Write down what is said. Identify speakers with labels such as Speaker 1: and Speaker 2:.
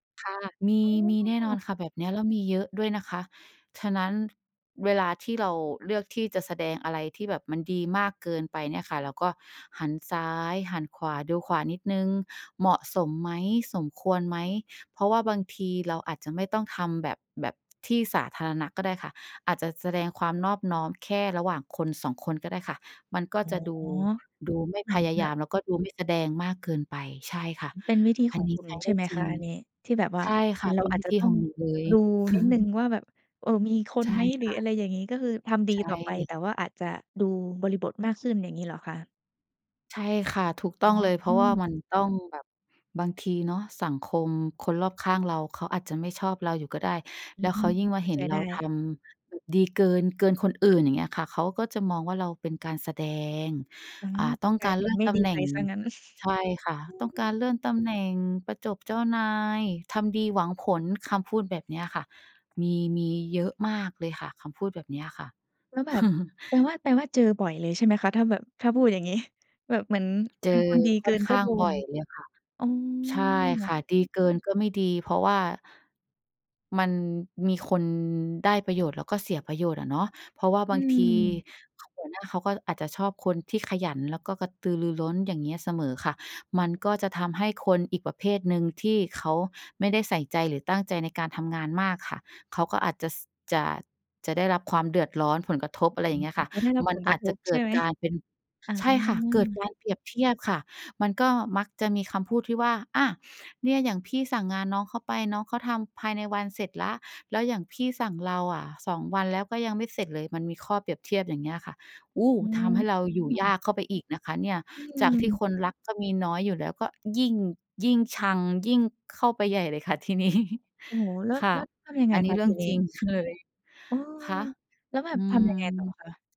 Speaker 1: ค่ะ มี มีแน่
Speaker 2: อ้
Speaker 1: น
Speaker 2: อ
Speaker 1: อนค่ะแบบเนี้ย แล้วมีเยอะด้วยนะคะ ฉะนั้น เวลาที่เราเลือกที่จะแสดงอะไรที่แบบมันดีมากเกินไปเนี่ยค่ะ เราก็หันซ้ายหันขวา ดูขวานิดหนึ่ง เหมาะสมไหม? สมควรไหม? เพราะว่าบางทีเราอาจจะไม่ต้องทำแบบ แบบที่สาธารณะก็ได้ค่ะ อาจจะแสดงความนอบน้อมแค่ระหว่างคน 2 คนก็ได้ค่ะ มันก็
Speaker 2: อ๋อ
Speaker 1: จะดู ดูไม่
Speaker 2: เหมื
Speaker 1: พ
Speaker 2: อน
Speaker 1: ยา
Speaker 2: แบ
Speaker 1: ยา
Speaker 2: บ
Speaker 1: ม แล้วก็ดูไม่แสดงมากเกินไป ใช่ค่ะ
Speaker 2: มันเป็นวิธี
Speaker 1: อั
Speaker 2: ข
Speaker 1: น
Speaker 2: อง
Speaker 1: นี้
Speaker 2: คุณ
Speaker 1: ใช้
Speaker 2: ใช
Speaker 1: ได
Speaker 2: ่
Speaker 1: ้
Speaker 2: ไหม
Speaker 1: จร
Speaker 2: ค
Speaker 1: ิ
Speaker 2: ะ
Speaker 1: ง
Speaker 2: อันนี้? ที่แบบว่
Speaker 1: ใ
Speaker 2: า
Speaker 1: ช่ค
Speaker 2: อ
Speaker 1: ่
Speaker 2: ื
Speaker 1: ะ
Speaker 2: ม เ
Speaker 1: เ
Speaker 2: ร
Speaker 1: ป
Speaker 2: า
Speaker 1: ็น
Speaker 2: อา
Speaker 1: ว
Speaker 2: จ
Speaker 1: ิ
Speaker 2: จะ
Speaker 1: ธี
Speaker 2: ต้อ
Speaker 1: ขอ
Speaker 2: ง
Speaker 1: งหนูเลย
Speaker 2: ดูนิดหนึ่งว่าแบบ เอ่อ มีคน
Speaker 1: ใช่
Speaker 2: ไหม? หร
Speaker 1: ค
Speaker 2: ือ
Speaker 1: ่
Speaker 2: อ
Speaker 1: ะ
Speaker 2: ะไรอย่างงี้ ก็คือทำดี
Speaker 1: ใช
Speaker 2: ต่อไป
Speaker 1: ่
Speaker 2: แต่ว่าอาจจะดูบริบทมากขึ้น อย่างงี้เหรอคะ?
Speaker 1: ใช่ค่ะ ถูกต
Speaker 2: อ
Speaker 1: ้
Speaker 2: ๋
Speaker 1: อง
Speaker 2: อ
Speaker 1: เลย เพราะว่ามันต้องแบบ บางทีเนาะสังคมคนรอบข้างเรา เขาอาจจะไม่ชอบเราอยู่ก็ได้
Speaker 2: อื
Speaker 1: แล้วเข
Speaker 2: ม
Speaker 1: ายิ่งม
Speaker 2: เข
Speaker 1: า
Speaker 2: ้า
Speaker 1: เห็
Speaker 2: ใจ
Speaker 1: นเร
Speaker 2: ได
Speaker 1: าท
Speaker 2: ้
Speaker 1: ำ ดีเกิน เกินคนอื่น อย่างเงี้ยค่ะ เขาก็จะมองว่า เราเป็นการแสดง
Speaker 2: อื
Speaker 1: อ่า
Speaker 2: ม
Speaker 1: ต้อง
Speaker 2: กล
Speaker 1: ก
Speaker 2: า
Speaker 1: า
Speaker 2: ย
Speaker 1: ร
Speaker 2: เป
Speaker 1: เล
Speaker 2: ็
Speaker 1: ื่
Speaker 2: น
Speaker 1: อน
Speaker 2: ไม่
Speaker 1: ต
Speaker 2: ด
Speaker 1: ำ
Speaker 2: ี
Speaker 1: แหน่
Speaker 2: ไป
Speaker 1: ง
Speaker 2: เสียงั้น
Speaker 1: ใช่ค่ะ
Speaker 2: อื
Speaker 1: ต้องการ
Speaker 2: ม
Speaker 1: เลื่อนตำแหน่ง ประจบเจ้านาย ทำดีหวังผล คำพูดแบบนี้อะค่ะ มี มีเยอะมากเลยค่ะ คำพูดแบบนี้อะค่ะ
Speaker 2: แล้วแบบ แปลว่า แปลว่าเจอบ่อยเลยใช่ไหมคะ? ถ้าแบบ ถ้าพูดอย่างงี้ แบบเหมือน
Speaker 1: เจ
Speaker 2: เป
Speaker 1: อ
Speaker 2: ็นคนดี
Speaker 1: ค
Speaker 2: เก
Speaker 1: ่
Speaker 2: ิ
Speaker 1: อน
Speaker 2: น
Speaker 1: ข
Speaker 2: ก็
Speaker 1: ้า
Speaker 2: โด
Speaker 1: งบ่
Speaker 2: น
Speaker 1: อยเลยค่ะ
Speaker 2: อ๋อ
Speaker 1: ใช่ค่ะ ดีเกินก็ไม่ดี เพราะว่า มันมีคนได้ประโยชน์ แล้วก็เสียประโยชน์อะเนาะ เพราะว่า
Speaker 2: อ
Speaker 1: บ
Speaker 2: ื
Speaker 1: างที
Speaker 2: ม
Speaker 1: หัวหน้าเขาก็อาจจะชอบคนที่ขยัน แล้วก็กระตือรือร้นอย่างเงี้ยเสมอค่ะ มันก็จะทำให้คนอีกประเภทหนึ่งที่เขาไม่ได้ใส่ใจ หรือตั้งใจในการทำงานมากค่ะ เขาก็อาจจะ ส จะ จะได้รับความเดือดร้อน ผลกระทบ
Speaker 2: เ
Speaker 1: อ
Speaker 2: ห
Speaker 1: ะ
Speaker 2: ม
Speaker 1: ไ
Speaker 2: ื
Speaker 1: ร
Speaker 2: อ
Speaker 1: อ
Speaker 2: น
Speaker 1: ย่างเงี้ย
Speaker 2: กั
Speaker 1: ค
Speaker 2: บ
Speaker 1: ่ะ
Speaker 2: เขาได้รับ
Speaker 1: มั
Speaker 2: ผ
Speaker 1: น
Speaker 2: ลก
Speaker 1: อ
Speaker 2: ร
Speaker 1: า
Speaker 2: ะ
Speaker 1: จ
Speaker 2: ท
Speaker 1: จะ
Speaker 2: บ
Speaker 1: เก
Speaker 2: ใช
Speaker 1: ิ
Speaker 2: ่
Speaker 1: ด
Speaker 2: ไหม?
Speaker 1: การเป็น
Speaker 2: อา
Speaker 1: ใช่ค่ะ เกิดการเปรียบเทียบค่ะ มันก็มักจะมีคำพูดที่ว่า "อะ เนี่ยอย่างพี่สั่งงานน้องเขาไป น้องเขาทำภายในวันเสร็จแล้ว แล้วอย่างพี่สั่งเราอะ 2 วันแล้วก็ยังไม่เสร็จเลย" มันมีข้อเปรียบเทียบอย่างเงี้ยค่ะ โอ้
Speaker 2: อื
Speaker 1: ทำให้เรา อยู่ย
Speaker 2: ม
Speaker 1: ากเข้าไปอีกนะคะเนี่ย
Speaker 2: อื
Speaker 1: จากที่
Speaker 2: ม
Speaker 1: คนรักก็มีน้อยอยู่แล้วก็ยิ่ง ยิ่งชัง ยิ่งเข้าไปใหญ่เลยค่ะที นี้
Speaker 2: โอ้โฮ แล้ว
Speaker 1: ค่
Speaker 2: แ
Speaker 1: ะ
Speaker 2: ล้วทำยัง
Speaker 1: อ
Speaker 2: ไง
Speaker 1: ันน
Speaker 2: ค
Speaker 1: ี้
Speaker 2: ะ
Speaker 1: เรื
Speaker 2: ท
Speaker 1: ่
Speaker 2: ี
Speaker 1: อง
Speaker 2: นี
Speaker 1: จ
Speaker 2: ้?
Speaker 1: ริงเคย
Speaker 2: อ้อ
Speaker 1: คะ?
Speaker 2: แล้วแบ
Speaker 1: อ
Speaker 2: บ
Speaker 1: ื
Speaker 2: ทำยังไงต่อ
Speaker 1: ม
Speaker 2: คะ?